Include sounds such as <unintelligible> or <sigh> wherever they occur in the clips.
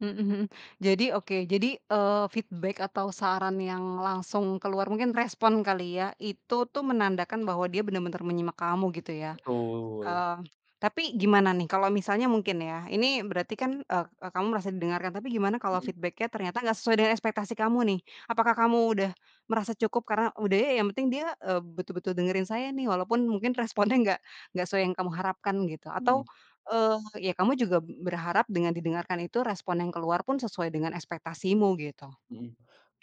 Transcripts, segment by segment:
Mhm mhm. Jadi, oke, jadi, eee, feedback atau saran yang langsung keluar mungkin respon kali ya, itu tuh menandakan bahwa dia bener-bener menyimak kamu, gitu ya. Betul. Eee, tapi gimana nih, kalau misalnya mungkin ya, ini berarti kan, eee, kamu merasa didengarkan, tapi gimana kalau Mhm. feedback-nya ternyata nggak sesuai dengan ekspektasi kamu nih? Apakah kamu udah merasa cukup karena, udah ya, yang penting dia, eee, betul-betul dengerin saya nih, walaupun mungkin responnya nggak nggak sesuai yang kamu harapkan gitu, atau, Mhm. eee, ya kamu juga berharap dengan didengarkan, itu respon yang keluar pun sesuai dengan ekspektasimu, gitu. Mhm.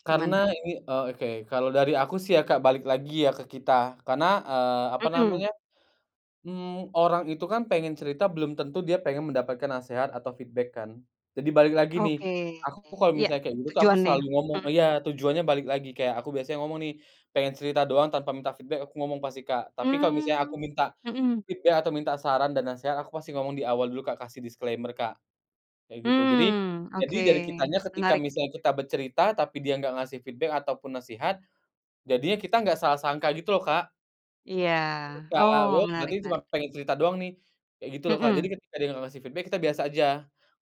Karena Gimana? ini, eee, oke, kalau dari aku sih ya, Kak, balik lagi ya ke kita, karena, eee, apa Mhm. namanya, mmm, orang itu kan pengen cerita belum tentu dia pengen mendapatkan nasehat atau feedback kan. Jadi balik lagi nih, Oke. aku kalau Ya, misalnya kayak gitu tuh, aku selalu tujuannya. ngomong Mhm. iya, tujuannya balik lagi kayak aku biasanya ngomong nih, "Pengen cerita doang tanpa minta feedback," aku ngomong pasti, Kak. Tapi kalau misalnya aku Mmm. minta Mhm. feedback atau minta saran dan nasehat, aku pasti ngomong di awal dulu, Kak, kasih disclaimer, Kak, kayak gitu. Jadi, Mmm, jadi oke. dari kitanya ketika Menarik. misalnya kita bercerita, tapi dia nggak ngasih feedback ataupun nasihat, jadinya kita nggak salah sangka, gitu loh, Kak. Iya. Oh, <unintelligible> Berarti menarik cuma menarik. pengen cerita doang nih, kayak gitu loh, Kak. Jadi Mhm. ketika dia nggak ngasih feedback kita biasa aja.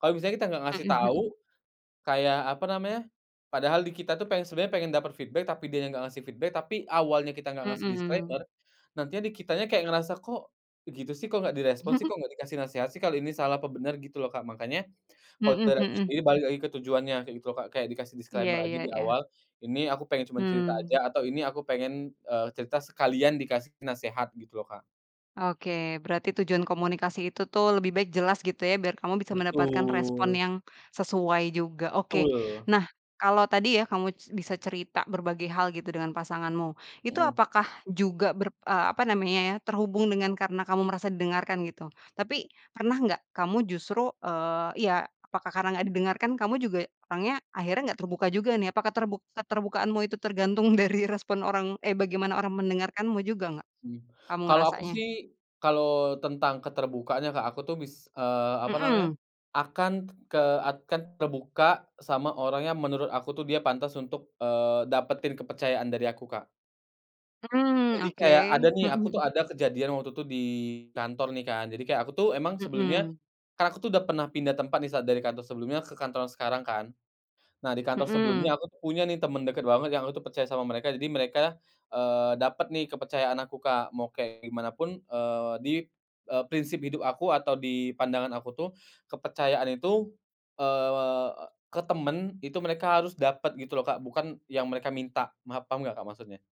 Kalo misalnya kita nggak Mhm ngasih tau, mhm. kayak, apa namanya, padahal di kita tuh pengen sebenernya pengen dapet feedback tapi dia nya nggak ngasih feedback, tapi awalnya kita nggak ngasih disclaimer, Mhm. nantinya di kitanya kayak ngerasa, "Kok, begitu sih? Kok nggak direspon sih? <laughs> Kok nggak dikasih nasehat sih? Kalo ini salah apa bener," gitu loh, Kak. Makannya kalo Mhm dari aku mhm. sendiri balik lagi ke tujuannya, kayak gitu loh, Kak, kayak dikasih Iya disclaimer aja iya di iya. awal, "Ini aku pengen cuman cerita Mmm. aja," atau, "Ini aku pengen, eee, cerita sekalian dikasih nasehat," gitu loh, Kak. Oke, berarti tujuan komunikasi itu tuh lebih baik jelas, gitu ya, biar kamu bisa mendapatkan respon Betul. yang sesuai juga. Oke. Betul. Nah, kalau tadi ya, kamu s bisa cerita berbagai hal gitu dengan pasanganmu. Itu Mhm. apakah juga ber eee, apa namanya ya, terhubung dengan karena kamu merasa didengarkan, gitu. Tapi pernah nggak kamu justru, eee, iya, apakah karena nggak didengarkan, kamu juga orangnya akhirnya nggak terbuka juga, nih. Apakah terbu keterbukaanmu itu tergantung dari respon orang eh, bagaimana orang mendengarkanmu juga nggak? Mmm. Kamu Kalau aku ngerasanya. sih, kalau tentang keterbukaannya, Kak, aku tuh bis eee, apa namanya, Mhm. akan ke akan terbuka sama orang yang menurut aku tuh dia pantas untuk, eee, dapetin kepercayaan dari aku, Kak. Mmm, Jadi kayak ada oke. nih, Mhm aku tuh mhm. ada kejadian waktu itu di kantor nih, kan, jadi kayak aku tuh emang sebelumnya, Mhm. kan aku tuh udah pernah pindah tempat nih saat dari kantor sebelumnya ke kantor sekarang kan. Nah, di kantor Mhm. sebelumnya aku tuh punya nih, temen deket banget yang aku percaya sama mereka, jadi mereka, eee, dapet nih kepercayaan aku, Kak, mau kayak gimanapun, eee, di, eee, prinsip hidup aku atau di pandangan aku tuh, kepercayaan itu, eee, ke temen itu mereka harus dapet, gitu loh, Kak, bukan yang mereka minta, maaf, paham nggak, Kak, maksudnya?